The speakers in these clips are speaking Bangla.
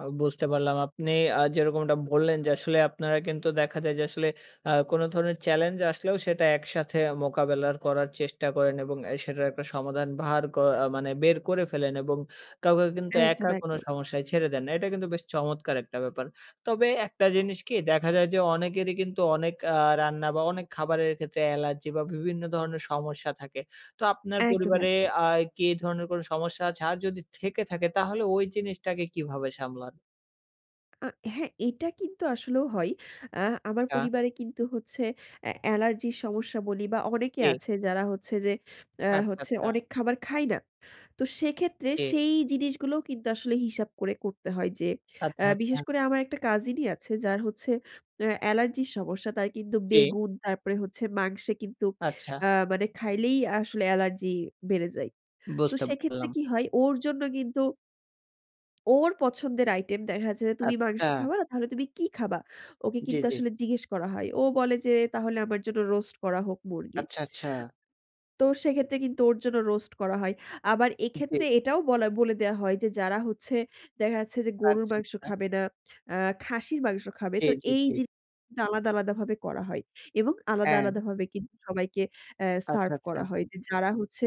আ বুঝতে পারলাম। আপনি আ যেরকমটা বললেন যে, আসলে আপনারা কিন্তু দেখা যায় যে আসলে আ কোনো ধরনের চ্যালেঞ্জ আসলেও সেটা একসাথে মোকাবেলা করার চেষ্টা করেন এবং এ সেটার একটা সমাধান ভার ক আ মানে বের করে ফেলেন এবং কাউকে কিন্তু একা একদম, কোন একদম। সমস্যায় ছেড়ে দেন না, এটা কিন্তু বেশ চমৎকার একটা ব্যাপার। তবে একটা জিনিস কি দেখা যায় যে, অনেকেরই কিন্তু অনেক আ রান্না বা অনেক খাবারের ক্ষেত্রে অ্যালার্জি বা বিভিন্ন ধরনের সমস্যা থাকে। তো আপনার একদম, পরিবারে একদম। আয় কি ধরনের কোন সমস্যা আছে? আর যদি থেকে থাকে তাহলে ওই জিনিসটাকে কিভাবে সামলান? আ হ্যাঁ এটা কিন্তু আসলেও হয়। অ্যা আমার অ্যা। পরিবারে কিন্তু হচ্ছে এ্যা অ্যালার্জির সমস্যা বলি বা অনেকে এ। আছে যারা হচ্ছে যে, অ্যা আচ্ছা, হচ্ছে আচ্ছা। অনেক খাবার খায় না। তো সেক্ষেত্রে এ। সেই জিনিসগুলোও কিন্তু আসলে হিসাব করে করতে হয় যে, আচ্ছা অ্যা বিশেষ ,আচ্ছা। করে আমার একটা কাজিন-ই আছে যার হচ্ছে অ্যা অ্যালার্জির সমস্যা, তার কিন্তু কে? বেগুন, তারপরে হচ্ছে মাংসে কিন্তু আচ্ছা। আ মানে খাইলেই আ আসলে অ্যালার্জি বেড়ে যায়। তো বুঝতে সেক্ষেত্রে পারলাম। কি হয় ওর জন্য কিন্তু ওর পছন্দের আইটেম দেখাচ্ছে "তুমি মাংস আচ্ছা। খাবা না তাহলে তুমি কি খাবা?" ওকে জি, কিন্তু জি। আসলে জিজ্ঞেস করা হয়। ও বলে যে "তাহলে আমার জন্য রোস্ট করা হোক মুরগির।" আচ্ছা, আচ্ছা। তো সেক্ষেত্রে কিন্তু ওর জন্য রোস্ট করা হয়। আবার জি। এক্ষেত্রে এটাও বলা বলে দেয়া হয়, যে যারা হচ্ছে, দেখা যাচ্ছে যে গরুর আচ্ছা, মাংস আচ্ছা। খাবে না, আ খাসির মাংস খাবে। জী, তো জী, এই জী। জিন আলাদা, আলাদা, ভাবে করা হয়, এবং আলাদা, অ্যাঁ। আলাদা, ভাবে কিন্তু সবাইকে অ্যা আচ্ছা, সার্ভ করা আচ্ছা। হয়। যে যারা হচ্ছে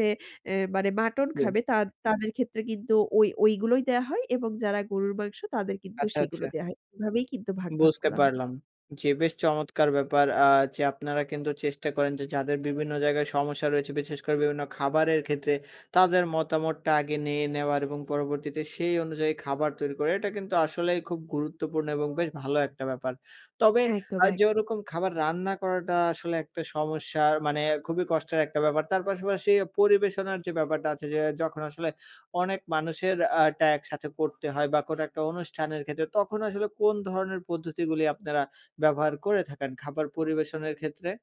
এ মানে মাটন [unintelligible] খাবে তাদ তাদের ক্ষেত্রে কিন্তু ওই, ওইগুলোই দেয়া হয় এবং যারা গরুর মাংস তাদের কিন্তু আচ্ছা, সেগুলো আচ্ছা। দেয়া হয়। এভাবেই কিন্তু ভাগ, ভাগ বুঝতে করা হয়। পারলাম। জি, বেশ চমৎকার ব্যাপার আ যে আপনারা কিন্তু চেষ্টা করেন যে, যাদের বিভিন্ন জায়গায় সমস্যা রয়েছে, বিশেষ করে বিভিন্ন খাবারের ক্ষেত্রে তাদের মতামতটা আগে নিয়ে নেওয়ার এবং পরবর্তীতে সেই অনুযায়ী খাবার তৈরি করে, এটা কিন্তু আসলেই খুব গুরুত্বপূর্ণ এবং বেশ ভালো একটা ব্যাপার। তবে একদম, আ যে একদম। ওরকম খাবার রান্না করাটা আসলে একটা সমস্যার মানে খুবই কষ্টের একটা ব্যাপার। তার পাশাপাশি পরিবেশনার যে ব্যাপারটা আছে যে, যখন আসলে অনেক মানুষের আ টা একসাথে করতে হয় বা কোনো একটা অনুষ্ঠানের ক্ষেত্রে তখন আসলে কোন ধরনের পদ্ধতিগুলি আপনারা ব্যবহার করে থাকেন খাবার পরিবেশনের ক্ষেত্রে?